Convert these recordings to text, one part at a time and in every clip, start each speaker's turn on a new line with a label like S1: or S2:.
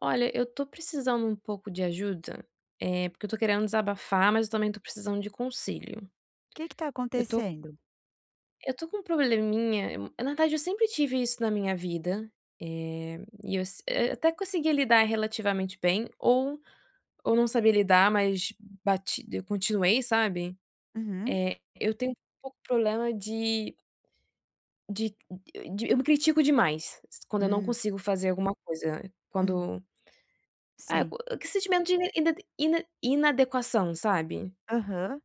S1: Olha, eu estou precisando um pouco de ajuda. Eh, porque eu estou querendo desabafar, mas eu também estou precisando de conselho.
S2: Que que está
S1: Eu tô
S2: acontecendo?
S1: eu tô com um probleminha, na verdade, eu sempre tive isso na minha vida. Eh, e as eu até conseguia lidar relativamente bem ou ou não sabia lidar, mas bati eu continuei, sabe,
S2: Uhum.
S1: eh, eu tenho um pouco problema de, de eu de eu me critico demais, quando eu não
S2: Hum.
S1: consigo fazer alguma coisa,
S2: Hum.
S1: quando é
S2: Sim.
S1: qua que sentimento de in inad ina inadequação, sabe.
S2: Aham.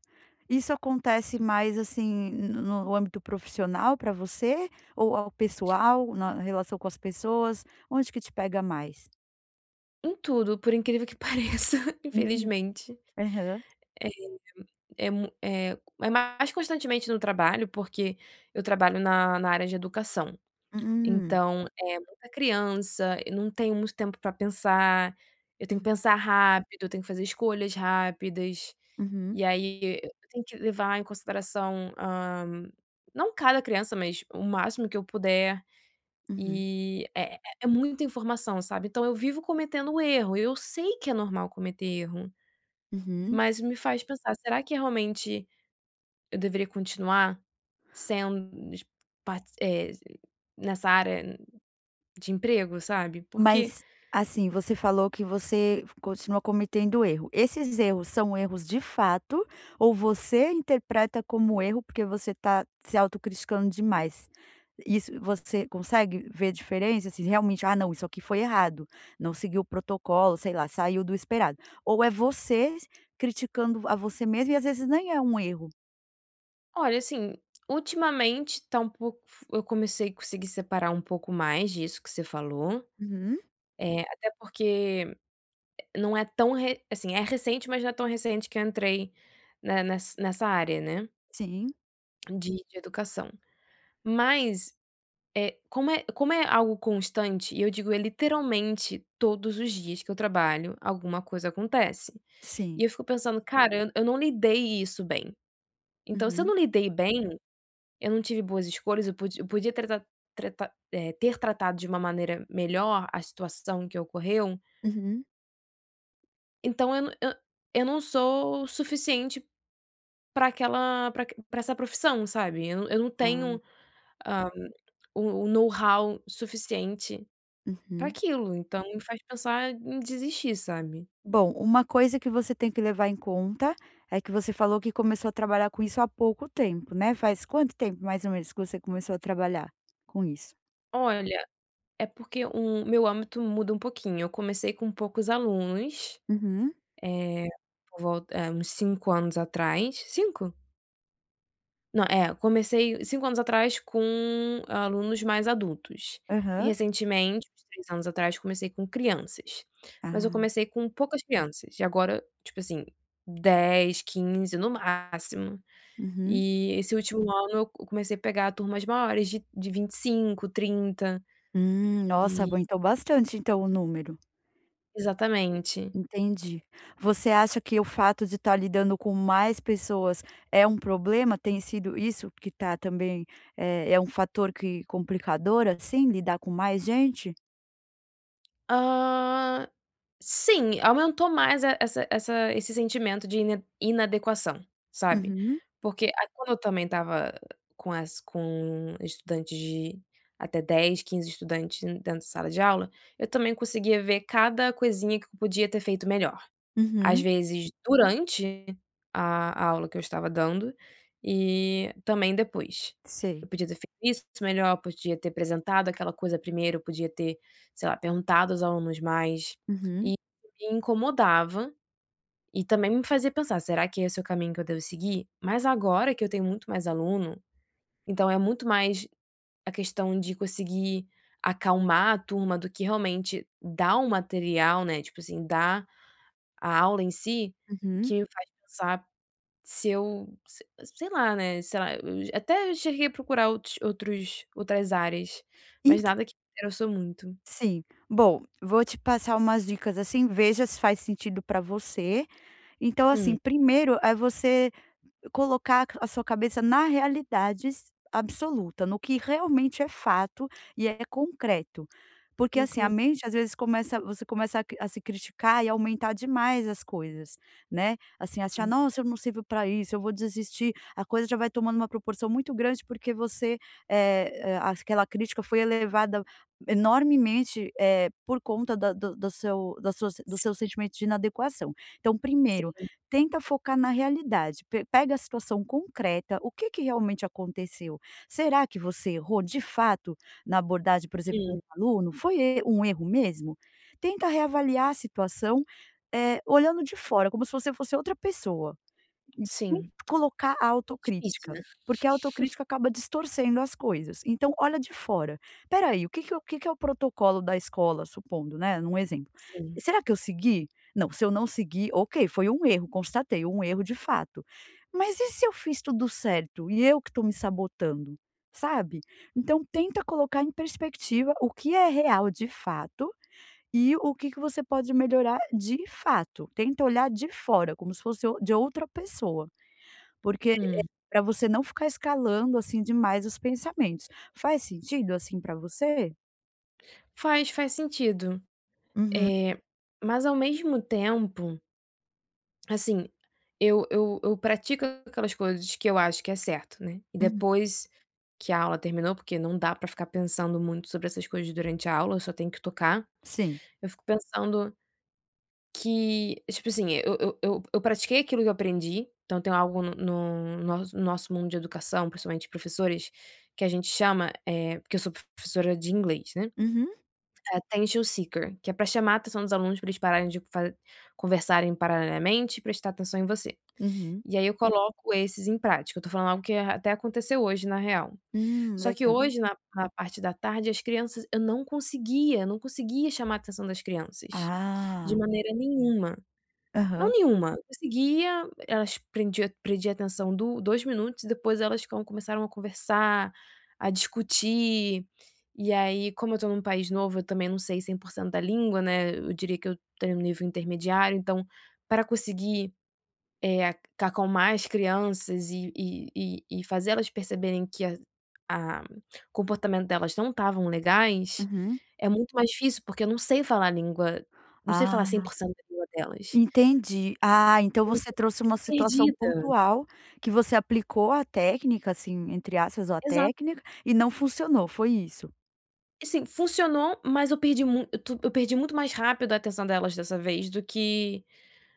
S2: Isso acontece mais assim no no âmbito profissional pra você, ou ao pessoal, na relação com as pessoas, onde que te pega mais?
S1: Em tudo, por incrível que pareça
S2: Uhum.
S1: infelizmente.
S2: Aham.
S1: É é mu é é mais constantemente no trabalho, porque eu trabalho na na área de educação,
S2: Hum.
S1: então é muita criança. Eu não tenho muito tempo para pensar. Eu tenho que
S2: Hum.
S1: pensar rápido eu tenho que fazer escolhas rápidas,
S2: Uhum.
S1: e aí e eu tenho que levar em consideração, ah, não cada criança, mas o máximo que eu puder.
S2: Uhum.
S1: E é é é muita informação, sabe. Então eu vivo cometendo erro. Eu sei que é normal cometer erro.
S2: Uhum.
S1: Mas me faz pensar: "Será que realmente eu deveria continuar sendo dis par eh, nessa área de emprego", sabe, porque
S2: Mas assim, você falou que você continua cometendo erro. Esses erros, são erros de fato ou você interpreta como erro, porque você está se autocriticando demais? Isso você consegue ver diferença assim, realmente: "Ah não, isso aqui foi errado, não seguiu o protocolo", sei lá, "saiu do esperado", ou é você criticando a você mesmo e às vezes nem é um erro?
S1: Olha assim, ultimamente está um pouco f eu comecei conseguir separar um pouco mais disso que você falou,
S2: Uhum.
S1: eh, até porque não é tão re assim é recente, mas não é tão recente que entrei na na ness nessa área, né
S2: Sim.
S1: de de educação, mas, eh, como é como é algo constante, e eu digo é literalmente todos os dias que eu trabalho, alguma coisa acontece, e
S2: Sim.
S1: eu fico pensando: "Cara, eu, eu não lidei isso bem". Então, se eu
S2: Uhum.
S1: não lidei bem, eu não tive boas escolhas. Eu pod eu podia t tra trata eh, ter tratado de uma maneira melhor a situação que ocorreu.
S2: Uhum.
S1: Então eu n eu eu não sou suficiente, para aquela, para aq para essa profissão, sabe, eu não eu não tenho,
S2: Ah.
S1: ah, o o know-how suficiente para
S2: Uhum.
S1: aquilo, então me faz pensar em desistir, sabe.
S2: Bom, uma coisa que você tem que levar em conta, é que você falou que começou a trabalhar com isso há pouco tempo, né, faz quanto tempo mais ou menos que você começou a trabalhar com isso?
S1: Olha, é porque o meu âmbito muda um pouquinho, eu comecei com poucos alunos,
S2: Uhum.
S1: eh, por vol é uns 5 anos atrás, 5? Não, é, comecei 5 anos atrás com alunos mais adultos e
S2: Aham.
S1: recentemente, uns 3 anos atrás, comecei com crianças, mas eu
S2: Ah.
S1: comecei com poucas crianças, e agora, tipo, assim, 10, 15, no máximo,
S2: Uhum.
S1: e esse último ano eu comecei a pegar turmas maiores de de 25, 30,
S2: Hum, nossa,
S1: e
S2: aguentou bastante, então o número.
S1: Exatamente.
S2: Entendi, você acha que o fato de estar lidando com mais pessoas é um problema? Tem sido isso que está também é é um fator que complicador, assim lidar com mais gente?
S1: Ah, sim, aumentou mais e essa essa esse sentimento de in inadequação, sabe,
S2: Uhum.
S1: porque a quando eu também estava com as com estudantes de até 10, 15 estudantes dentro da sala de aula, eu também conseguia ver cada coisinha que podia ter feito melhor, às
S2: Uhum.
S1: vezes, durante a aula que eu estava dando e também depois, eu
S2: Sei.
S1: podia ter feito isso melhor, podia ter apresentado aquela coisa primeiro, eu podia ter, sei lá, perguntado aos alunos mais, e
S2: Uhum.
S1: me incomodava, e também me fazia pensar: "Será que esse é o caminho que eu devo seguir", mas agora que eu tenho muito mais aluno, então é muito mais a questão de conseguir acalmar a turma do que realmente dar o material, né, tipo, assim, dá a aula em si,
S2: Uhum.
S1: que me faz pensar se eu se sei lá, né, sei lá, eu até cheguei a procurar outros outros outras áreas, mas
S2: Ent
S1: nada que me interessou muito.
S2: Sim, bom, vou te passar umas dicas assim, veja se faz sentido pra você. Então,
S1: Hum.
S2: assim, primeiro é você colocar a sua cabeça na realidades absoluta, no que realmente é fato e é concreto. Porque, assim, a
S1: Inconsci
S2: mente às vezes começa você começa a cri a se criticar e aumentar demais as coisas, né, assim, achar:
S1: Hum.
S2: "Nossa eu não sirvo pra isso, eu vou desistir". A coisa já vai tomando uma proporção muito grande, porque você, é é, as aquela crítica foi elevada enormemente, eh, por conta da do do seu da sua do
S1: Sim.
S2: seu sentimentos de inadequação. Então, primeiro
S1: Sim.
S2: tenta focar na realidade, pe pega a situação concreta, o que que realmente aconteceu. Será que você errou, de fato, na abordagem, por exemplo, com um
S1: Sim.
S2: aluno? Foi e um erro mesmo? Tenta reavaliar a situação, eh, olhando de fora, como se você fosse outra pessoa,
S1: Sim,
S2: colocar a
S1: é difícil,
S2: autocrítica,
S1: né.
S2: porque a autocrítica acaba distorcendo as coisas, então, olha de fora: "Espera aí, o que que é o o que que é o protocolo da escola, supondo, né, num exemplo,
S1: Sim.
S2: será que eu segui? Não, se eu não segui, ok, foi um erro, constatei um erro de fato. Mas e se eu fiz tudo certo e eu que estou me sabotando", sabe. Então, tenta colocar em perspectiva o que é real, de fato, e o que que você pode melhorar, de fato. Tenta olhar de fora, como se fosse o de outra pessoa, porque é
S1: Hum.
S2: para você não ficar escalando, assim, demais os pensamentos. Faz sentido, assim, para você?
S1: Faz, faz sentido,
S2: Uhum.
S1: eh, mas ao mesmo tempo assim eu eu eu pratico aquelas coisas que eu acho que é certo, né. E
S2: Hum.
S1: depois que a aula terminou, porque não dá para ficar pensando muito sobre essas coisas durante a aula, eu só tenho que tocar.
S2: Sim.
S1: Eu fico pensando que tipo assim eu eu eu eu pratiquei aquilo que eu aprendi. Então tenho algo no no nosso nosso mundo de educação, principalmente professores que a gente chama, é porque eu sou professora de inglês, né,
S2: Uhum.
S1: attention seeker, que é para chamar a atenção dos alunos para eles pararem de fa conversarem paralelamente e prestar atenção em você.
S2: Uhum.
S1: E aí eu coloco esses em prática. Eu estou falando algo que até aconteceu hoje na real.
S2: Hum,
S1: Só que
S2: legal.
S1: hoje na na parte da tarde, as crianças eu não conseguia eu não conseguia chamar a atenção das crianças de
S2: Ah.
S1: maneira nenhuma. Não
S2: Aham.
S1: nenhuma, conseguia elas prendia prendia atenção do dois minutos e depois elas com começaram a conversar, a discutir. E aí, como eu estou num país novo, eu também não sei 100% da língua, né. Eu diria que eu tenho um nível intermediário, então para conseguir, eh, acalmar as crianças e e e e fazer elas perceberem que a a comportamento delas não estavam legais
S2: Uhum.
S1: é muito mais difícil, porque eu não sei falar língua, não sei
S2: Ah.
S1: falar 100% da língua delas.
S2: Entendi. Ah, então
S1: Me
S2: você
S1: senti
S2: trouxe uma situação
S1: perdida.
S2: pontual, que você aplicou a técnica assim, entre aspas, ou a
S1: Exato.
S2: técnica e não funcionou. Foi isso?
S1: E sim funcionou, mas eu perdi muit tu eu perdi muito mais rápido a atenção delas dessa vez do que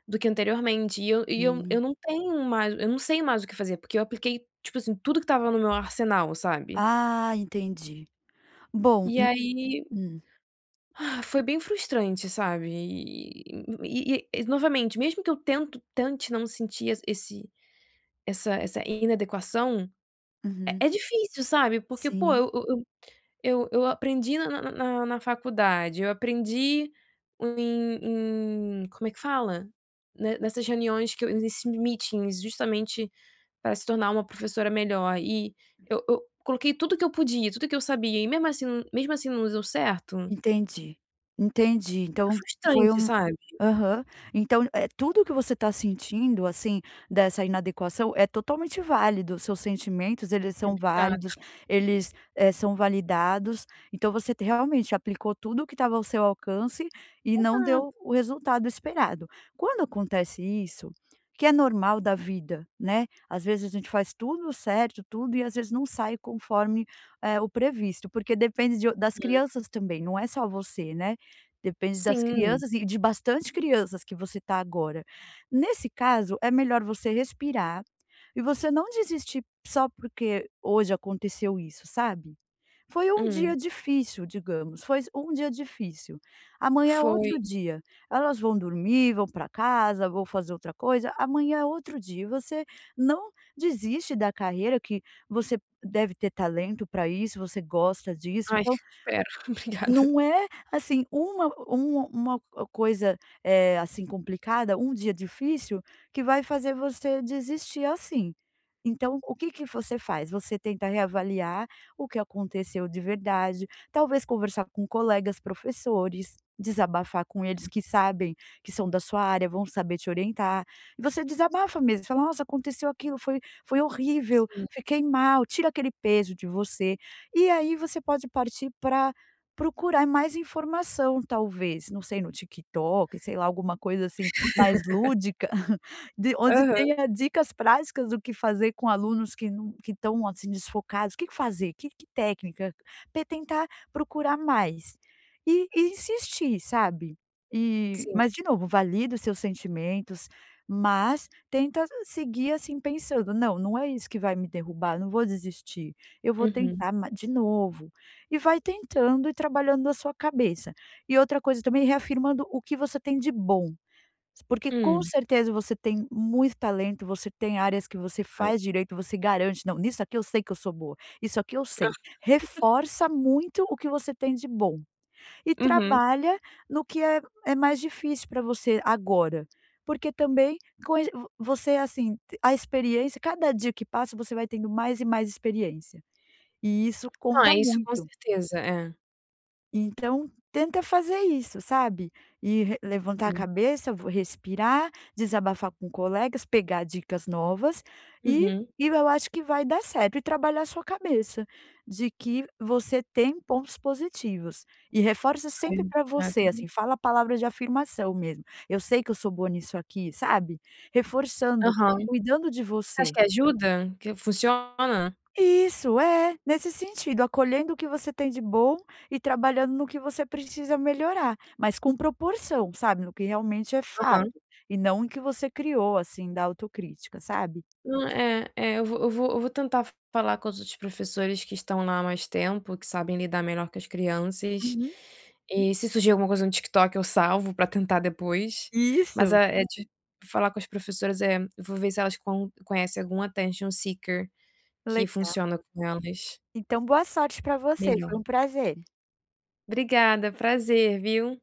S1: do que anteriormente. E eu e eu eu
S2: Hum.
S1: não tenho mais eu não sei mais o que fazer, porque eu apliquei tipo assim, tudo que estava no meu arsenal, sabe?
S2: Ah, entendi bom
S1: E
S2: u
S1: aí,
S2: hum.
S1: foi bem frustrante, sabe e e e e novamente, mesmo que eu tento tente não sentir esse essa essa inadequação é
S2: Uhum.
S1: é difícil, sabe porque pô,
S2: Sim.
S1: eu eu eu eu eu aprendi na na na na na faculdade, eu aprendi em em como é que fala? Ne nessas reuniões que eu nesse, meetings justamente para se tornar uma professora melhor e eu eu coloquei tudo que eu podia, tudo o que eu sabia e mesmo assim mesmo assim não deu certo.
S2: Entendi, entendi,
S1: É
S2: então foi
S1: frustrante,
S2: um
S1: sabe?
S2: aham, então é tudo o que você tá sentindo assim dessa inadequação é totalmente válido seus sentimentos, eles
S1: Ai,
S2: são
S1: obrigada.
S2: válidos, eles, eh, são validados. Então você realmente aplicou tudo que estava ao seu alcance, e não
S1: Exato.
S2: deu o resultado esperado. Quando acontece isso que é normal da vida, né, às vezes a gente faz tudo certo, tudo e, às vezes não sai conforme, eh, o previsto, porque depende de o das
S1: Hum.
S2: crianças também. Não é só você, né. Depende das
S1: Sim.
S2: crianças e de bastante crianças que você está agora. Nesse caso, é melhor você respirar e você não desistir só porque hoje aconteceu isso sabe. Foi um
S1: Hum.
S2: dia difícil, digamos, foi um dia difícil. Amanhã é
S1: Foi.
S2: outro dia. Elas vão dormir, vão para casa, vão fazer outra coisa. Amanhã é outro dia. E você não desiste da carreira que você deve ter talento para isso. Você gosta disso,
S1: Ai,
S2: então
S1: espero. Obrigada.
S2: não é assim, uma um uma co coisa, eh, assim complicada, um dia difícil que vai fazer você desistir assim. Então, o que que você faz? Você tenta reavaliar o que aconteceu de verdade, talvez conversar com colegas professores, desabafar com eles que sabem que são da sua área, vão saber te orientar, e você desabafa mesmo fala: "Nossa, aconteceu aquilo foi foi horrível,
S1: Sim.
S2: fiquei mal", tira aquele peso de você. E aí você pode partir para procurar mais informação talvez não sei no TikTok, sei lá alguma coisa assim mais lúdica, de onde
S1: Aham.
S2: tenha dicas práticas do que fazer com alunos que não que estão assim desfocados. O que que fazer? Que que técnica? Te tentar procurar mais, e e insistir, sabe e
S1: Sim.
S2: mas de novo valida os seus sentimentos, mas tenta seguir assim pensando: "Não, não é isso que vai me derrubar. Não vou desistir, eu vou
S1: Uhum.
S2: tentar ma de novo", e vai tentando e trabalhando a sua cabeça e outra coisa também reafirmando o que você tem de bom. Porque com
S1: Hum.
S2: certeza você tem muito talento. Você tem áreas que você
S1: Ai.
S2: faz direito, você garante: "Não nisso aqui eu sei que eu sou boa isso aqui eu
S1: Ah.
S2: sei". Reforça muito o que você tem de bom, e
S1: Uhum.
S2: trabalha no que é é mais difícil pra você agora, porque também com e vo você assim a experiência, cada dia que passa, você vai tendo mais e mais experiência e isso
S1: Não
S2: conta
S1: é isso com
S2: muito.
S1: certeza, é.
S2: Então tenta fazer isso, sabe, e re levantar a
S1: Sim.
S2: cabeça, respirar, desabafar com colegas, pegar dicas novas e
S1: Uhum.
S2: e eu acho que vai dar certo e trabalhar a sua cabeça de que você tem pontos positivos, e reforça
S1: Ai
S2: sempre para
S1: obrigado,
S2: você
S1: viu.
S2: assim fala a palavra de afirmação mesmo. "Eu sei que eu sou boa nisso aqui", sabe, reforçando,
S1: Aham. Você
S2: cuidando de
S1: acha
S2: você.
S1: que ajuda? Que funciona?
S2: Isso, é, nesse sentido, acolhendo o que você tem de bom e trabalhando no que você precisa melhorar, mas com proporção, sabe no que realmente é fato,
S1: Aham.
S2: e não o que você criou assim da autocrítica, sabe.
S1: Não é é, eu vou eu vou eu vou tentar falar com os outros professores que estão lá há mais tempo, que sabem lidar melhor com as crianças,
S2: Uhum.
S1: e se surgir alguma coisa no TikTok, eu salvo para tentar depois, mas
S2: Isso.
S1: é é de falar com as professoras é eu vou ver se elas con conhecem algum attention seeker que
S2: Legal.
S1: funciona com elas
S2: Então, boa sorte para você.
S1: melhor.
S2: Foi um prazer.
S1: Obrigada, prazer, viu.